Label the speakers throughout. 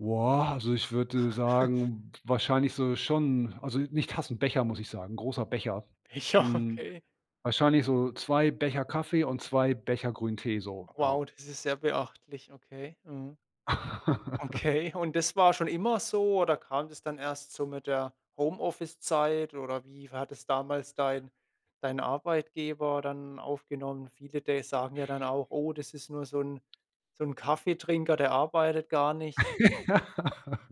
Speaker 1: Wow. Also ich würde, sagen wahrscheinlich so schon also nicht Tassen, Becher muss ich sagen, großer Becher.
Speaker 2: Becher,
Speaker 1: Hm,
Speaker 2: okay.
Speaker 1: wahrscheinlich so 2 Becher Kaffee und 2 Becher Grünen Tee so. Ja.
Speaker 2: Wow, das ist sehr beachtlich. Okay. Mhm. Okay. Und das war schon immer so? Oder kam das dann erst so mit der Homeoffice-Zeit? Oder wie war das damals dein dein Arbeitgeber dann aufgenommen? Viele de sagen ja dann auch, oh, das ist nur so 'n so 'n Kaffeetrinker, der arbeitet gar nicht.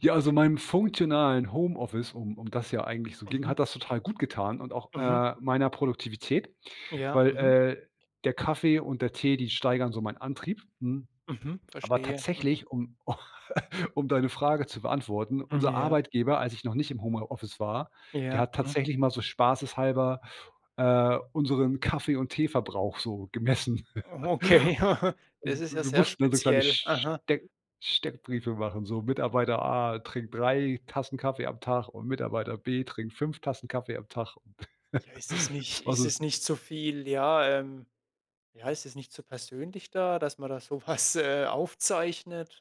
Speaker 1: Ja, also meinem funktionalen Homeoffice, um um das ja eigentlich so ging,
Speaker 2: Mhm.
Speaker 1: hat das total gut getan und auch,
Speaker 2: Mhm.
Speaker 1: äh, meiner Produktivität,
Speaker 2: Ja.
Speaker 1: weil,
Speaker 2: Mhm.
Speaker 1: äh, der Kaffee und der Tee, die steigern so meinen Antrieb, hm,
Speaker 2: Mhm.
Speaker 1: aber
Speaker 2: Verstehe. Mhm.
Speaker 1: tatsächlich um um deine Frage zu beantworten.
Speaker 2: Mhm.
Speaker 1: Unser
Speaker 2: Ja.
Speaker 1: Arbeitgeber, als ich noch nicht im Home äh, Office war, der
Speaker 2: Ja.
Speaker 1: hat
Speaker 2: Mhm.
Speaker 1: tatsächlich mal so spaßeshalber, äh, unseren Kaffee und Tee Verbrauch so gemessen.
Speaker 2: Okay. Ja. Das ist ja
Speaker 1: Wir
Speaker 2: sehr
Speaker 1: mussten da so kleine
Speaker 2: speziell.
Speaker 1: St
Speaker 2: Mhm.
Speaker 1: Steck Steckbriefe machen, so Mitarbeiter A trinkt 3 Tassen Kaffee am Tag und Mitarbeiter B trinkt 5 Tassen Kaffee am Tag.
Speaker 2: Ja, ist es nicht
Speaker 1: Es war
Speaker 2: ist
Speaker 1: so
Speaker 2: es nicht zu viel ja, ähm, ja, ist es nicht zu persönlich da, dass man da so was, äh, aufzeichnet?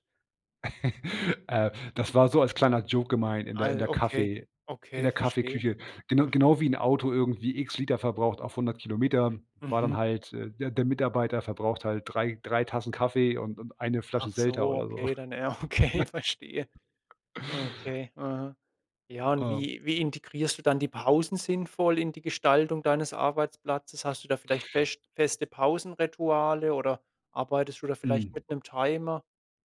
Speaker 1: äh, das war so als kleiner Joke gemeint in der in
Speaker 2: Al
Speaker 1: der
Speaker 2: okay,
Speaker 1: Kaffee in der
Speaker 2: okay, verstehe.
Speaker 1: Kaffeeküche. Gena
Speaker 2: Mhm.
Speaker 1: genau wie 'n Auto irgendwie x Liter verbraucht auf 100 Kilometer, war dann
Speaker 2: Mhm.
Speaker 1: halt, äh der der Mitarbeiter verbraucht halt 3, 3 Tassen Kaffee und und 1 Flasche
Speaker 2: Ach
Speaker 1: Selter
Speaker 2: so,
Speaker 1: oder so.
Speaker 2: okay, dann ja, okay, verstehe. Okay. Mhm. Ja und
Speaker 1: Oh.
Speaker 2: wie wie integrierst du dann die Pausen sinnvoll in die Gestaltung deines Arbeitsplatzes? Hast du da vielleicht fescht feste Pausenrituale oder arbeitest du da vielleicht
Speaker 1: Mhm.
Speaker 2: mit 'nem Timer?